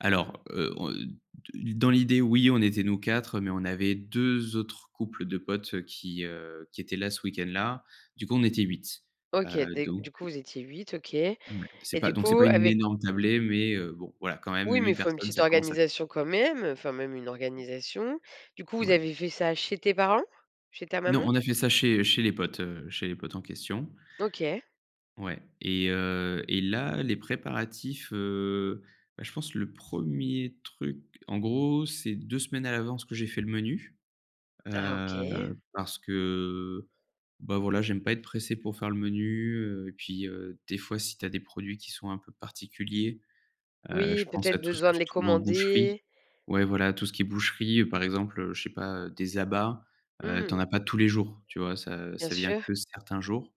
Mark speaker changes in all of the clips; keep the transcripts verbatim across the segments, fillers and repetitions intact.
Speaker 1: Alors, heu, on, heu, de dans l'idée, oui on était nous quatre mais on avait deux autres couples de potes, heu, qui, heu, qui étaient là ce week-end là. Du coup on était huit.
Speaker 2: OK,
Speaker 1: Heu,
Speaker 2: des
Speaker 1: donc
Speaker 2: du coup vous étiez huit, OK. Et
Speaker 1: Ouais donc c'est pas
Speaker 2: du
Speaker 1: c'est
Speaker 2: coup
Speaker 1: pas une
Speaker 2: avec
Speaker 1: énorme tablée mais, heu, bon voilà quand même
Speaker 2: Oui mais
Speaker 1: huit
Speaker 2: il faut une
Speaker 1: personnes
Speaker 2: petite
Speaker 1: ça commence à faire.
Speaker 2: organisation quand même, heu, enfin même une organisation. Du coup vous
Speaker 1: Ouais.
Speaker 2: avez fait ça chez tes parents? Chez ta
Speaker 1: Non
Speaker 2: maman?
Speaker 1: on a fait ça chez chez les potes, heu, chez les potes en question.
Speaker 2: OK.
Speaker 1: Ouais et heu et là les préparatifs, heu, bah je pense le premier truc en gros, c'est deux semaines à l'avance que j'ai fait le menu.
Speaker 2: Ah OK.
Speaker 1: Heu, parce que bah, voilà j'aime pas être pressé pour faire le menu, heu et puis, heu, des fois si tu as des produits qui sont un peu particuliers, heu,
Speaker 2: Oui,
Speaker 1: je pense à
Speaker 2: peut-être
Speaker 1: tout ce que
Speaker 2: besoin de
Speaker 1: tu
Speaker 2: les
Speaker 1: trouves en boucherie
Speaker 2: commander?
Speaker 1: ouais voilà, tout ce qui est boucherie par exemple, heu, je sais pas, heu, des abats, heu, tu en
Speaker 2: Mmh.
Speaker 1: as pas tous les jours tu vois? Ça
Speaker 2: Bien
Speaker 1: ça vient
Speaker 2: sûr.
Speaker 1: que certains jours.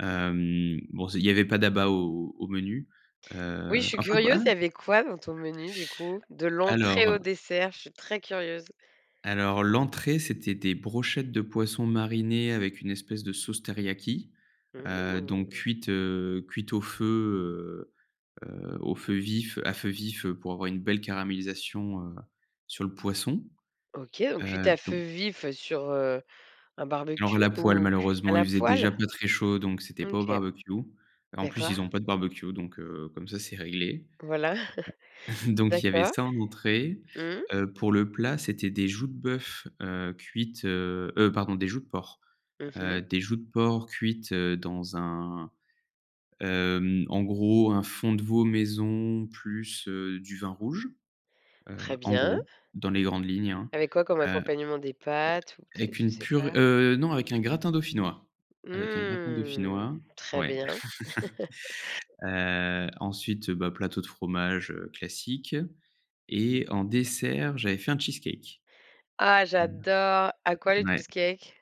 Speaker 1: Hem, bon c il y avait pas d'abat au au menu.
Speaker 2: Oui, je
Speaker 1: Heu,
Speaker 2: suis
Speaker 1: enfin quoi ah
Speaker 2: curieuse, il y avait quoi dans ton menu du coup? De
Speaker 1: a a
Speaker 2: l'entrée
Speaker 1: alors
Speaker 2: au dessert? Je suis très curieuse.
Speaker 1: alors l'entrée c'était des brochettes de poisson marinées avec une espèce de sauce teriyaki. Heu, donc
Speaker 2: Mmh.
Speaker 1: cuites, heu, cuites au feu, heu, heu, au feu vif à feu vif pour avoir une belle caramélisation, heu, sur le poisson.
Speaker 2: OK, donc cuite
Speaker 1: Heu,
Speaker 2: à feu
Speaker 1: donc
Speaker 2: vif, heu, sur, heu, un
Speaker 1: Alors
Speaker 2: barbecue
Speaker 1: la poêle
Speaker 2: ou cu à
Speaker 1: malheureusement il
Speaker 2: la
Speaker 1: faisait déjà
Speaker 2: poêle?
Speaker 1: pas très chaud, donc c'était pas au
Speaker 2: OK.
Speaker 1: barbecue. En plus,
Speaker 2: D'accord.
Speaker 1: ils ont pas de barbecue donc heu, comme ça c'est réglé.
Speaker 2: Voilà,
Speaker 1: Donc il y avait
Speaker 2: d'accord.
Speaker 1: ça en entrée.
Speaker 2: Mmh.
Speaker 1: Heu, pour le plat c'était des joues de bœuf, heu, cuite heu, heu, pardon des joues de porc.
Speaker 2: Mmh
Speaker 1: Heu,
Speaker 2: mh.
Speaker 1: des joues de porc cuites, heu, dans un, hem, en gros un fond de veau maison plus, heu, du vin rouge. Heu,
Speaker 2: Très
Speaker 1: en
Speaker 2: bien.
Speaker 1: gros dans les grandes lignes, hein.
Speaker 2: Avec quoi comme
Speaker 1: Heu,
Speaker 2: accompagnement? Des pâtes? Ou peut-être,
Speaker 1: avec
Speaker 2: je
Speaker 1: une
Speaker 2: sais
Speaker 1: pure
Speaker 2: pas.
Speaker 1: heu, non avec un gratin dauphinois avec un gratin
Speaker 2: Mmh.
Speaker 1: dauphinois.
Speaker 2: Très
Speaker 1: Ouais.
Speaker 2: bien.
Speaker 1: Heu, ensuite, bah, plateau de fromage, heu, classique et en dessert j'avais fait un cheesecake.
Speaker 2: Ah j'adore! À quoi les
Speaker 1: Ouais.
Speaker 2: cheesecakes?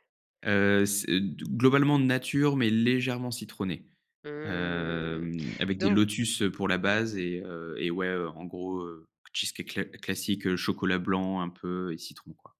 Speaker 1: Heu, c'est d globalement nature, mais légèrement citronné.
Speaker 2: Mmh,
Speaker 1: Hem, avec des
Speaker 2: donc
Speaker 1: lotus, heu, pour la base et heu et ouais en gros, heu, cheesecake cla classique, heu, chocolat blanc un peu et citron quoi.